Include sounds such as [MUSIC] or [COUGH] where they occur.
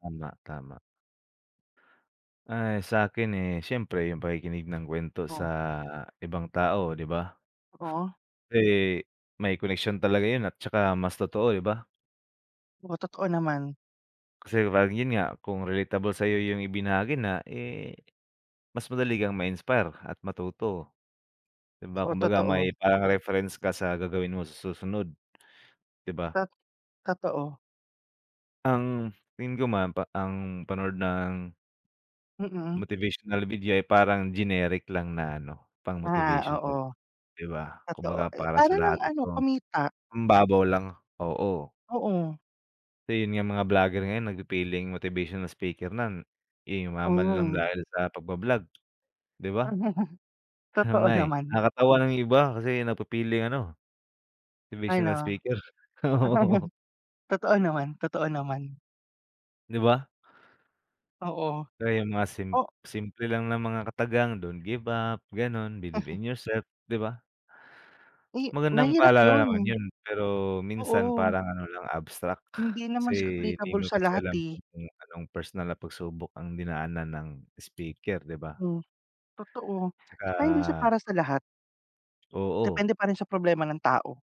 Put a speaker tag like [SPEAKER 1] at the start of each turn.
[SPEAKER 1] Tama, tama. Ay sakin, eh, siyempre yung pakikinig ng kwento sa
[SPEAKER 2] Oh.
[SPEAKER 1] ibang tao di ba?
[SPEAKER 2] Oh.
[SPEAKER 1] Pre may koneksyon talaga yun at 'tsaka mas totoo di ba?
[SPEAKER 2] Oh totoo naman.
[SPEAKER 1] Kasi pag yun nga, kung relatable sayo yung ibinahagi na eh, mas madali kang ma-inspire at matuto. Di ba,
[SPEAKER 2] Oo,
[SPEAKER 1] kumbaga
[SPEAKER 2] totoo.
[SPEAKER 1] may parang reference ka sa gagawin mo sa susunod. Di ba?
[SPEAKER 2] Tat totoo.
[SPEAKER 1] Ang hil ko man pa ang panood ng
[SPEAKER 2] Mm.
[SPEAKER 1] motivational video ay parang generic lang na ano,
[SPEAKER 2] Ah,
[SPEAKER 1] pang-motivational
[SPEAKER 2] oo.
[SPEAKER 1] di ba?
[SPEAKER 2] Totoo
[SPEAKER 1] Kumbaga para
[SPEAKER 2] para
[SPEAKER 1] sa
[SPEAKER 2] lang
[SPEAKER 1] lahat
[SPEAKER 2] ano
[SPEAKER 1] ito.
[SPEAKER 2] kumita.
[SPEAKER 1] Hmm babaw lang oo.
[SPEAKER 2] Oo.
[SPEAKER 1] Eh, yun nga mga vlogger ngayon nag fe-feling motivational speaker nan eh, yumaman lang
[SPEAKER 2] Oh.
[SPEAKER 1] dahil sa pagba-vlog di ba?
[SPEAKER 2] [CHUCKLES]
[SPEAKER 1] Ano
[SPEAKER 2] Totoo
[SPEAKER 1] nga eh,
[SPEAKER 2] naman.
[SPEAKER 1] nakakatawa nang iba kasi nagpipiling ano, motivational
[SPEAKER 2] Ano?
[SPEAKER 1] speaker, oo.
[SPEAKER 2] [CHUCKLES] Totoo naman, totoo naman.
[SPEAKER 1] Di ba?
[SPEAKER 2] Oo.
[SPEAKER 1] Kaya yung mga sim
[SPEAKER 2] O
[SPEAKER 1] simple lang ng mga katagang don't give up, ganon, believe
[SPEAKER 2] Mhm.
[SPEAKER 1] in yourself, di ba?
[SPEAKER 2] Eh,
[SPEAKER 1] Magandang
[SPEAKER 2] mahirap
[SPEAKER 1] paalala naman
[SPEAKER 2] yun.
[SPEAKER 1] yun, pero minsan
[SPEAKER 2] Oo.
[SPEAKER 1] parang ano lang abstract,
[SPEAKER 2] Hindi
[SPEAKER 1] kasi,
[SPEAKER 2] naman siya
[SPEAKER 1] hindi
[SPEAKER 2] applicable
[SPEAKER 1] mo
[SPEAKER 2] sa
[SPEAKER 1] kasi
[SPEAKER 2] lahat,
[SPEAKER 1] alam
[SPEAKER 2] eh.
[SPEAKER 1] kung anong personal na pag-subok ang dinaanan ng speaker di ba?
[SPEAKER 2] Hmm, totoo, tsaka hindi siya
[SPEAKER 1] Tsaka
[SPEAKER 2] para sa lahat.
[SPEAKER 1] Oo.
[SPEAKER 2] Depende pa rin sa problema ng tao.